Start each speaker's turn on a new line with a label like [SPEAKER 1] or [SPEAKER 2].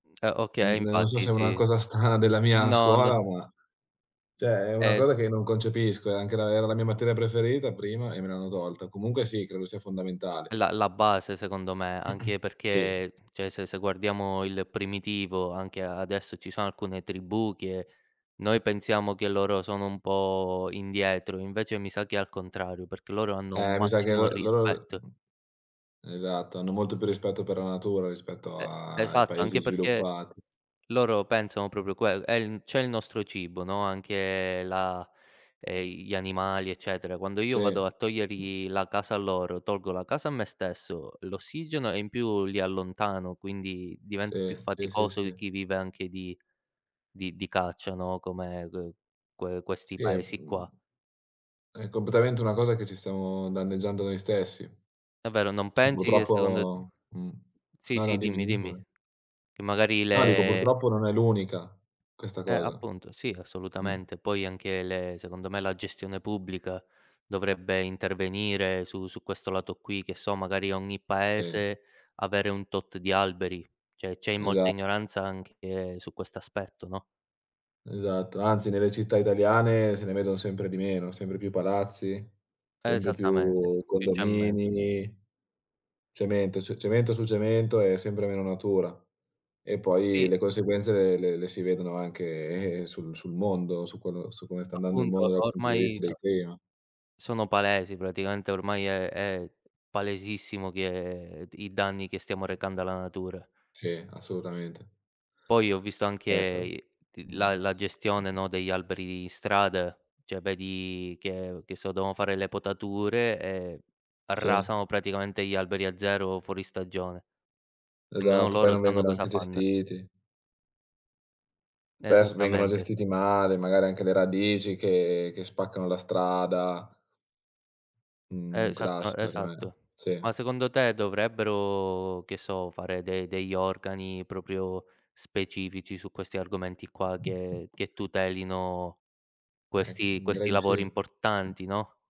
[SPEAKER 1] Uhm, eh okay,
[SPEAKER 2] Uhm, non so
[SPEAKER 1] infatti
[SPEAKER 2] se è una
[SPEAKER 1] sì.
[SPEAKER 2] cosa strana della mia
[SPEAKER 1] No,
[SPEAKER 2] scuola,
[SPEAKER 1] no.
[SPEAKER 2] ma cioè è una
[SPEAKER 1] E
[SPEAKER 2] cosa che non concepisco. È anche la era la mia materia preferita prima e me l'hanno tolta. Comunque sì, credo sia
[SPEAKER 1] È
[SPEAKER 2] fondamentale.
[SPEAKER 1] la la base secondo me, anche
[SPEAKER 2] Sì.
[SPEAKER 1] perché cioè se se guardiamo il primitivo, anche a adesso ci sono alcune tribù che noi pensiamo che loro sono un po' indietro, invece mi sa che è al contrario, perché loro hanno un
[SPEAKER 2] Eh mi sa che
[SPEAKER 1] massimo
[SPEAKER 2] l loro
[SPEAKER 1] rispetto.
[SPEAKER 2] uhm, esatto, hanno molto più rispetto per la natura rispetto
[SPEAKER 1] E
[SPEAKER 2] a i
[SPEAKER 1] esatto,
[SPEAKER 2] Paesi
[SPEAKER 1] anche perché
[SPEAKER 2] sviluppati.
[SPEAKER 1] loro pensano proprio quello, è il c'è il nostro cibo, no, anche la ehm, i gli animali, eccetera. Quando
[SPEAKER 2] Sì.
[SPEAKER 1] io vado a togliergli la casa a loro, tolgo la casa a me stesso, l'ossigeno, e in più li allontano, quindi diventa più
[SPEAKER 2] Sì, sì, sì,
[SPEAKER 1] faticoso
[SPEAKER 2] sì.
[SPEAKER 1] chi vive anche di di di caccia, no, come, uhm, que questi
[SPEAKER 2] Sì, è
[SPEAKER 1] Paesi
[SPEAKER 2] uhm,
[SPEAKER 1] qua.
[SPEAKER 2] è completamente una cosa che ci stiamo danneggiando noi stessi.
[SPEAKER 1] Davvero, non
[SPEAKER 2] E
[SPEAKER 1] pensi che secondo
[SPEAKER 2] purtroppo mh.
[SPEAKER 1] Sì,
[SPEAKER 2] No, no,
[SPEAKER 1] sì,
[SPEAKER 2] dimmi,
[SPEAKER 1] dimmi,
[SPEAKER 2] dimmi
[SPEAKER 1] dimmi.
[SPEAKER 2] pure.
[SPEAKER 1] Che magari
[SPEAKER 2] No, dico
[SPEAKER 1] le
[SPEAKER 2] purtroppo non è l'unica, questa
[SPEAKER 1] Eh,
[SPEAKER 2] cosa.
[SPEAKER 1] appunto, sì,
[SPEAKER 2] Mh.
[SPEAKER 1] assolutamente. Poi anche le secondo me la gestione pubblica dovrebbe intervenire su su questo lato qui, che so, magari ogni
[SPEAKER 2] Sì.
[SPEAKER 1] Paese avere un tot di alberi. Cioè c'è i molta
[SPEAKER 2] Esa
[SPEAKER 1] ignoranza anche su questo aspetto, no?
[SPEAKER 2] Esatto, anzi nelle città italiane se ne vedono sempre di meno, sempre più palazzi, sempre
[SPEAKER 1] Esattamente,
[SPEAKER 2] più
[SPEAKER 1] più cemento.
[SPEAKER 2] condomini, cemento, ce cemento su cemento, e sempre meno natura. E poi
[SPEAKER 1] Sì.
[SPEAKER 2] le conseguenze le le le si vedono anche, eh, sul sul mondo, su quello su come sta andando il
[SPEAKER 1] Appunto,
[SPEAKER 2] mondo dal punto di
[SPEAKER 1] ormai
[SPEAKER 2] vista del
[SPEAKER 1] so
[SPEAKER 2] clima.
[SPEAKER 1] sono palesi, praticamente ormai è è palesissimo che d i danni che stiamo recando alla natura.
[SPEAKER 2] Sì, assolutamente.
[SPEAKER 1] Poi ho visto anche
[SPEAKER 2] Eh, però
[SPEAKER 1] i t
[SPEAKER 2] mh.
[SPEAKER 1] la la gestione, no, degli alberi in strada. Cioè vedi che che so, devono fare le potature e
[SPEAKER 2] Sì.
[SPEAKER 1] arrasano praticamente gli alberi a zero fuori stagione. Nemmeno
[SPEAKER 2] Esatto, poi
[SPEAKER 1] loro
[SPEAKER 2] non
[SPEAKER 1] sanno
[SPEAKER 2] vengono
[SPEAKER 1] cosa
[SPEAKER 2] anche
[SPEAKER 1] fann
[SPEAKER 2] gestiti. Spesso vengono
[SPEAKER 1] Esattamente.
[SPEAKER 2] gestiti male, magari anche le radici che che spaccano la strada. Un
[SPEAKER 1] Esatto
[SPEAKER 2] classico [unintelligible]
[SPEAKER 1] esatto.
[SPEAKER 2] sì.
[SPEAKER 1] Ma secondo te dovrebbero, che so, fare de degli organi proprio specifici su questi argomenti qua che che tutelino
[SPEAKER 2] Eh,
[SPEAKER 1] questi
[SPEAKER 2] uhm, direi
[SPEAKER 1] questi
[SPEAKER 2] di sì.
[SPEAKER 1] lavori importanti, no?